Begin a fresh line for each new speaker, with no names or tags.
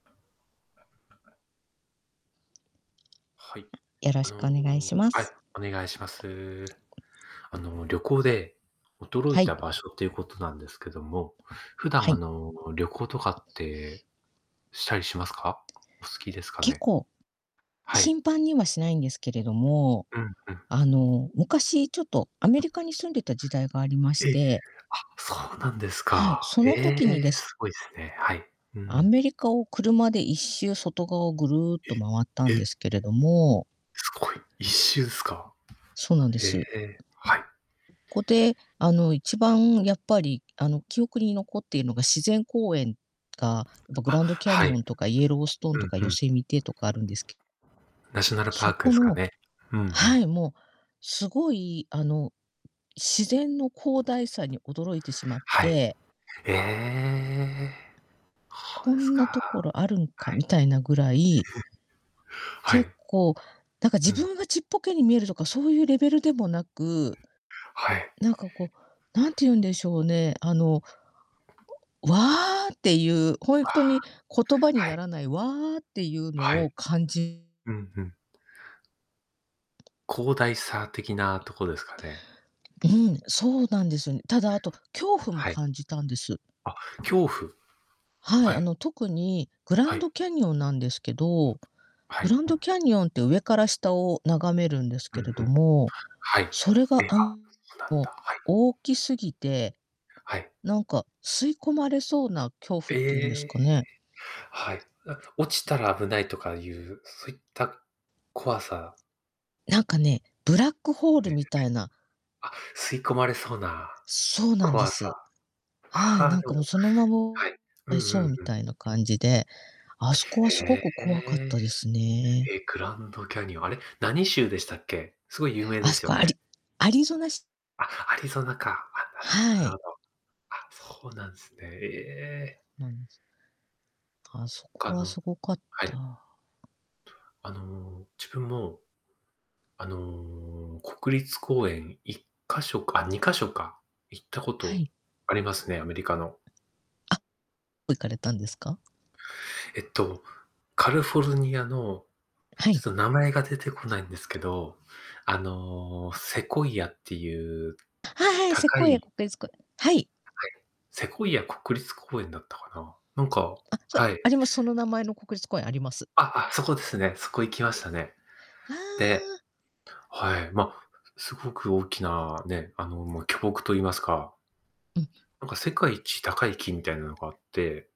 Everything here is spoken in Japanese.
はい。
よろ
あ
しくお
の、
願いしま
はい、
す。
お願いします。あの、旅行で驚
は
い
い。
た場所っていうことなんですけども、普段
は
あ
い。
の、旅行とかって、したりしますか？お好きですか
結
ね？
構、
はい。
頻繁にはしないんですけれども、
うんうん。
あの、昔ちょっとアメリカに住んでた時代がありまし
え？あ、
て
そうなんです
はい。
か。
そ
え
の時にで
え、
す。
すごいすね。はい。う
ア
ん。
メリカを車で1周外側をぐるっと回った
え、
ん
え？
ですけれども
すごい、1周すか。
そうなんで
へ
す。
え。はい。
ここで、あの、1番やっぱり、あの、記憶に残っているのが、自然公園が、あとグ
あ、
ランドキャ
は
ニ
い。
オンとかイエローストーン
う
とか、
んう
ヨ
ん。
セミテとかあるんです
ナショナルパ
そ
ークで
こ
すか
の
ね。うんう
は
ん。
い、もう、すごい、あの、自然の広大さに驚いてしまっ
はい。
て
ええ。ほう
こ
です
ん
か。
な所あるんか、
はい。
みたいなぐらい
は
結
い。
構、なんか
う
自
んう。
分がちっぽけに見えるとか、そういうレベルでもなく
はい。
なんかこう、何て言うんでしょうね、あの、おわあ。っていう、本
あ
当
あ。
に言葉に
は
な
い。
らない、わあ。っていう
は
の
い。
を感じ
うんうん。広大さ的なとこですかね。
うん、そうなんですよね。ただ、後、恐怖も
はい。
感じたんです。
あ、恐怖。
はい、
は
あ
い。
の、特にグラ
は
ンド
い。
キャニオンなんですけど、
は
グ
い。
ランドキャニオンって上から下を眺めるんです
う
け
ん
れ
う
ど
ん。
も、
はい。
それが
え、
あ
あ、なん
も
だ、
う
はい。
大きすぎて、
はい。
なんか、吸い込まれそうな恐怖っていうんで
え
す
え。
かね？
はい。うあ落ちたら危ないとかいう、そういった怖さ
なんかね、ブラックホール
ね
み
[unintelligible]
たいな。
あ、吸い込まれそうな
そうなんで
怖さ。
す。は
あ
い、
あ、
なん
でも、
かもうそのま
はい。うん
ま
う
そう
ん
み
うん。
たいな感じで、あ
はい、
すこはすご
へ
く怖かっ
え。
たですね。
え、グランドキャニオン、あれ、何州でしたっけ？すごい有名で
あす
すよ
こア
ね。
リアリゾナシ
あ、アリゾナか。あ、なるほど
は
なる
い。
ほど。あ、そうなんすね。ええ。
なんです。あそ
ほ
こ
か
は
の、
すごかっ
はい。
た。
あの、自分も、あの、国立公園1箇所か、2箇所か、行ったこ
は
と
い。
ありますね、アメリカの。
あ、どこ行かれたんですか？
えっと、カリフォルニアの、
は
ちょっ
い。
と名前が出てこないんですけど、あの、セコイアっていう
はいはい、セ
高
コイヤ
い
国立公園。はい。
はいはい。セコイア国立公園だったかな、なんか、
あ、そ
はい。
あります。その名前の国立公園あります。
ああ、そこですね、そこ行きましたね。
あ
で、
あ。
はい、ま、すごく大きなね、あの、巨木と言いますか
うん。
なんか世界一高い木みたいなのがあって。